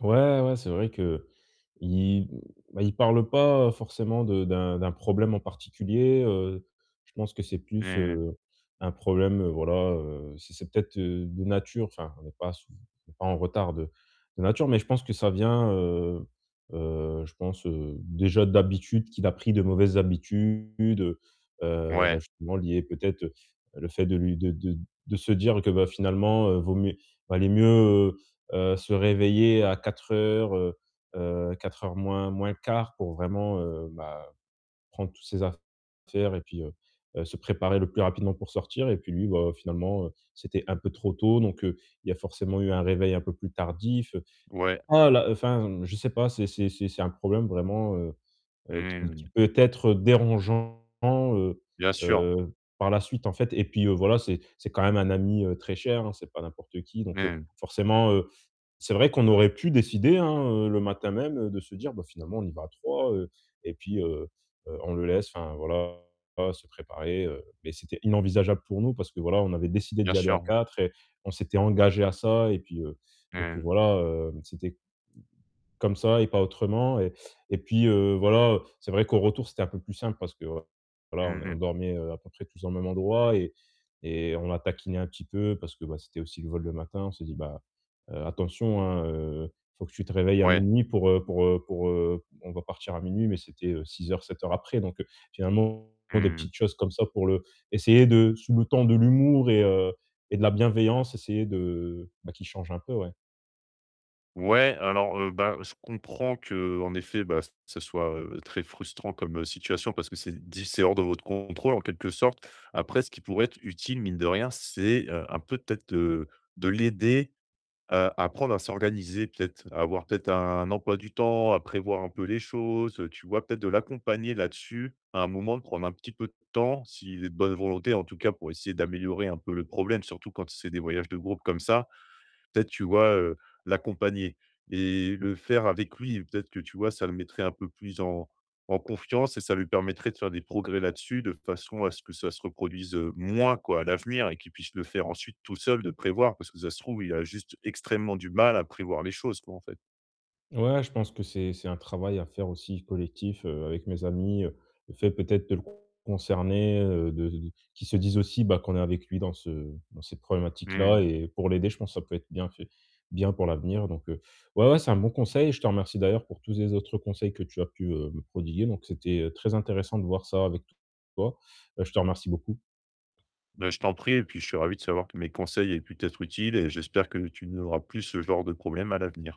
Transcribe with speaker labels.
Speaker 1: Ouais, ouais, c'est vrai qu'il m ben, il parle pas, heu, forcément de d'un d'un problème en particulier, heu, je pense que c'est plus,
Speaker 2: Mmh.
Speaker 1: heu, un problème, heu, voilà, heu, c'est c'est peut-être, heu, de nature, enfin on n'est pas souv on n'est pas en retard de de nature, mais je pense que ça vient, heu, heu, je pense, heu, déjà d'habitude, qu'il a pris de mauvaises habitudes, heu, heu, bah,
Speaker 2: Ouais.
Speaker 1: justement lié peut-être, heu, le fait de lui de de de se dire que, bah, finalement, heu, vaut mieux valait mieux, heu, heu, se réveiller à 4:00, heu, heu, 3:45 pour vraiment, heu, bah, prendre toutes ses affaires et puis, heu, heu, se préparer le plus rapidement pour sortir et puis lui, bah, finalement, heu, c'était un peu trop tôt, donc heu, il a forcément eu un réveil un peu plus tardif.
Speaker 2: Ouais.
Speaker 1: Ah là enfin, mmh, je sais pas, c'est c'est c'est c'est un problème vraiment, heu, heu, qui
Speaker 2: Mmh.
Speaker 1: qui peut être dérangeant, heu,
Speaker 2: Bien sûr.
Speaker 1: heu, par la suite, en fait, et puis, heu, voilà, c'est c'est quand même un ami, heu, très cher, hein, c'est pas n'importe qui. Donc heu,
Speaker 2: Mmh.
Speaker 1: forcément, heu, c'est vrai qu'on aurait pu décider, hein, heu, le matin même, heu, de se dire: «Bah, finalement, on y va à 3. Heu, et puis heu, heu, on le laisse, enfin voilà, se préparer». Heu, mais c'était inenvisageable pour nous parce que voilà, on avait décidé
Speaker 2: Bien
Speaker 1: d'y aller à
Speaker 2: sûr.
Speaker 1: 4 et on s'était engagé à ça et puis, heu, et puis
Speaker 2: Mmh.
Speaker 1: voilà, heu, c'était comme ça et pas autrement et et puis, heu, voilà. C'est vrai qu'au retour, c'était un peu plus simple parce que, voilà, on est on
Speaker 2: Mmh.
Speaker 1: dormait, heu, à peu près tous au même endroit et et on l'a taquiné un petit peu parce que, bah, c'était aussi le vol le matin, on s'est dit: «Bah, heu, attention, hein, heu, il faut que tu te réveilles à
Speaker 2: Ouais.
Speaker 1: 0:00 pour, heu pour, heu pour, heu on va partir à 0:00.» Mais c'était, heu, 6 heures, 7 heures après, donc heu, finalement des
Speaker 2: Mmh.
Speaker 1: petites choses comme ça pour le essayer de sous le ton de l'humour et heu, et de la bienveillance, essayer de, bah, qu'il change un peu, ouais.
Speaker 2: Ouais, alors, heu, bah, je comprends qu'en effet, bah, ça soit, heu, très frustrant comme, heu, situation parce que c'est d c'est hors de votre contrôle en quelque sorte. Après ce qui pourrait être utile, mine de rien, c'est, heu, un peu peut-être de de l'aider, heu, à apprendre à s'organiser, peut-être, à avoir peut-être un emploi du temps, à prévoir un peu les choses, heu, tu vois? Peut-être de l'accompagner là-dessus à un moment, de prendre un petit peu de temps s'il est de bonne volonté, en tout cas, pour essayer d'améliorer un peu le problème, surtout quand c'est des voyages de groupe comme ça. Peut-être tu vois, heu, l'accompagner et le faire avec lui, peut-être que, tu vois, ça le mettrait un peu plus en en confiance et ça lui permettrait de faire des progrès là-dessus de façon à ce que ça se reproduise, heu, moins, quoi, à l'avenir et qu'il puisse le faire ensuite tout seul, de prévoir, parce que ça se trouve, il a juste extrêmement du mal à prévoir les choses, quoi, en fait.
Speaker 1: Ouais, je pense que c'est c'est un travail à faire aussi collectif, heu, avec mes amis, heu, le fait peut-être de le concerner, heu, de qu'il se dise aussi, bah, qu'on est avec lui dans ce dans cette problématique là
Speaker 2: Mmh.
Speaker 1: et pour l'aider. Je pense que ça peut être bien fait bien pour l'avenir, donc heu, ouais, ouais, c'est un bon conseil et je te remercie d'ailleurs pour tous les autres conseils que tu as pu, heu, me prodiguer, donc c'était très intéressant de voir ça avec toi. Heu, je te remercie beaucoup.
Speaker 2: Bah, je t'en prie et puis, je suis ravi de savoir que mes conseils aient pu t'être utiles et j'espère que tu n'auras plus ce genre de problème à l'avenir.